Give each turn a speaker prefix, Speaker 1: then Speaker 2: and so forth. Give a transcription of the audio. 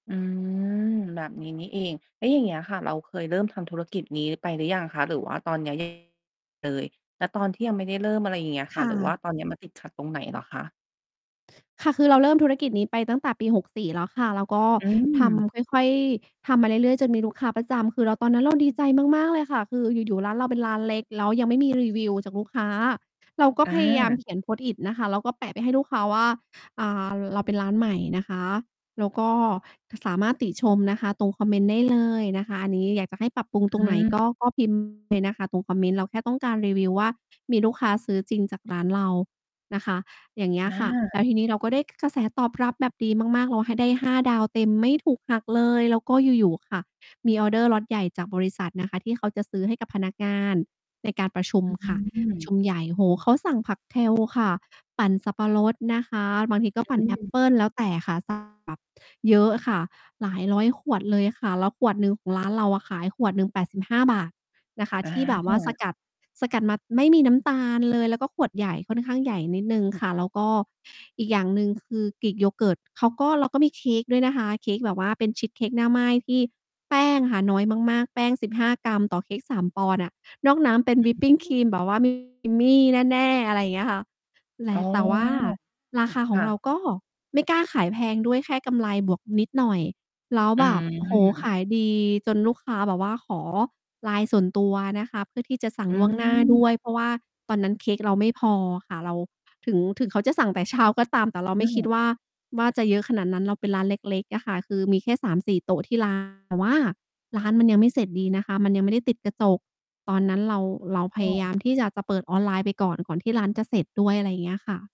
Speaker 1: อืม แบบนี้นี่เอง แล้วอย่างเงี้ยค่ะ เราเคยเริ่มทำธุรกิจนี้ไปหรือยังคะ? หรือว่าตอน เนี่ย เลย แล้วตอนที่ยังไม่ได้เริ่ม อะไรอย่างเงี้ย
Speaker 2: ค
Speaker 1: ค่ะ
Speaker 2: ่
Speaker 1: หรือว่
Speaker 2: ะ
Speaker 1: าตอนเนี้ยมันติดขัดตรงไหนเหรอคะ?
Speaker 2: ค่ะ คือเราเริ่มธุรกิจนี้ไปตั้งแต่ปี 64 แล้วค่ะ แล้วก็
Speaker 1: อ
Speaker 2: ท
Speaker 1: ืม
Speaker 2: ำ ค่อย ๆ ทำมาเรื่อย ๆ จนมีลูกค้าประจำ คือเรา ตอนนั้น เราดีใจมาก ๆ เลยค่ะ คืออยู่ ๆ ร้านเราเป็นร้านเล็ก แล้วยัง ไม่มีรีวิวจากลูกค้า เราก็
Speaker 1: อ
Speaker 2: พยายาม
Speaker 1: า
Speaker 2: เขียน Post-it นะคะ แล้วก็แปะไปให้ลูกค้าว่า "อ่า เราเป็นร้านใหม่นะคะ แล้วก็สามารถติชมนะคะ ตรงคอมเมนต์ ได้เลยนะคะ อันนี้อยากจะให้ปรับปรุงต
Speaker 1: อ
Speaker 2: รงไหน
Speaker 1: ืม
Speaker 2: ก็ ก็ พิมพ์ เลยนะคะ ตรงคอมเมนต์ เราแค่ต้องการรีวิวว่า มีลูกค้าซื้อจริงจากร้านเรานะคะ" อย่างเงี้ย
Speaker 1: อ
Speaker 2: ค่ะ แล้
Speaker 1: า
Speaker 2: วทีนี้เราก็ได้ ก กระแสตอบรับแบบดีมาก ๆ เราให้ ได้ห้าดาวเต็มไม่ถูกหักเลย แล้วก็อยู่ ๆ ค่ะ มีออร์เดอร์ล็อตใหญ่จากบริษัท นะคะที่เขาจะซื้อให้กับพนักงานในการประชุม
Speaker 1: อื
Speaker 2: ค่ะ ประช
Speaker 1: ม
Speaker 2: ุมใหญ่ โอ้โฮ เขาสั่งผัก kale ค่ะ ปั่นสับปะรดนะคะ บางที ก็
Speaker 1: อ
Speaker 2: ปั
Speaker 1: ื
Speaker 2: ่นแอป
Speaker 1: ม
Speaker 2: เปิล แล้วแต่ค่ะ สั่งแบบ เยอะค่ะ หลาย 100 ขวดเลยค่ะ แล้วขวดหนึ่งของ ร้านเราอะขายขวดหนึ่ง 85 บาท นะคะ
Speaker 1: อ
Speaker 2: ที่แบบว่าส
Speaker 1: า
Speaker 2: กัด สกัดมาไม่มีน้ำตาลเลย แล้วก็ขวดใหญ่ ค่อนข้างใหญ่นิดหนึ่งค่ะ แล้วก็อีกอย่างหนึ่ง คือ Greek Yogurt เขาก็ เราก็มีเค้กด้วยนะคะ เค้กแบบว่าเป็นชีสเค้กหน้าไหม้ที่แป้งค่ะน้อยมาก ๆ แป้ง 15 กรัม ต่อเค้ก 3 ปอนด์อะ นอกน้ำเป็
Speaker 1: อ
Speaker 2: นวิปปิงค
Speaker 1: ื
Speaker 2: รี
Speaker 1: อ
Speaker 2: มแบบว่า creamy แน่ ๆ อะไรอย่างเงี้ยค่ะ แล
Speaker 1: อ๋
Speaker 2: ะ
Speaker 1: อ
Speaker 2: แต่ว่าราคาข
Speaker 1: ค
Speaker 2: อ
Speaker 1: ่
Speaker 2: งเรา
Speaker 1: ะ
Speaker 2: ก็ ไม่กล้าขายแพงด้วย แค่กำไรบวกนิดหน่อย แล้ว
Speaker 1: อ
Speaker 2: แบบ โอ้โฮ
Speaker 1: ืม
Speaker 2: ขายดีจนลูกค้าแบบว่าขอ Line ส่วนตัวนะคะ เพื่อที่จะสั่
Speaker 1: อ
Speaker 2: ง
Speaker 1: ื
Speaker 2: ล่วงหน้าด้วย
Speaker 1: ม
Speaker 2: เพราะว่าตอนนั้นเค้กเราไม่พอค่ะ เราถึง ถึงเขาจะสั่งแต่เช้าก็ตาม แต่เรา
Speaker 1: อื
Speaker 2: ไม่คิด
Speaker 1: ม
Speaker 2: ว่า ว่าจะเยอะขนาดนั้น เราเป็นร้านเล็ก ๆ อะค่ะ คือมีแค่ 3-4 โต๊ะที่ ร้าน แต่ว่าร้านมันยังไม่เสร็จดีนะคะ มันยังไม่ได้ติดกระจก ตอนนั้นเรา เราพ
Speaker 1: อ๋
Speaker 2: ยา
Speaker 1: อ
Speaker 2: ยาม ที่จะ จะเปิดออนไลน์ไปก่อน ก่อนที่ร้านจะเสร็จด้วย อะไรอย่างเงี้ยอะค่ะ